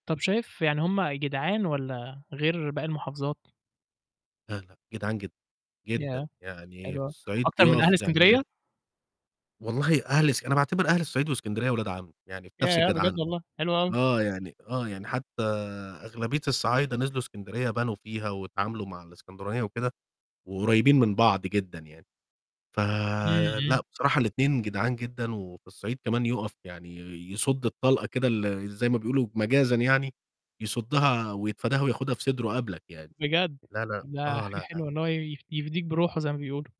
طَب شايف يعني هُم جدعان والّا غير باقي المحافظات؟ لا، لأ جدعان جدًا، جدًا. ياه! يعني حلو في أوي، الصعيد أكتر من أهل بيقف يعني زي إسكندرية؟ والله أهل إسك أنا باعتبر أهل الصعيد وإسكندرية ولاد عَم، يعني في نَفْس ياه! بجد الجدعنة. والله؟ حلو أوي. آه يعني آه يعني حتى أغلبية الصعايدة نزلوا إسكندرية بنوا فيها واتعاملوا مع الإسكندرانية وكده، وقريبين من بعض جدًا يعني. إمم، إمم. فلأ بصراحة الاتنين جدعان جدًا، وفي الصعيد كمان يُقف يعني يصُد الطلقة كده ال زي ما بيقولوا مجازًا يعني يصُدها ويتفاداها وياخدها في صدره قبلك يعني. بجد؟! لا لأ، ده آه، حاجة لا حلوة إن لأ. هو يف يفديك بروحه زي ما بيقولوا.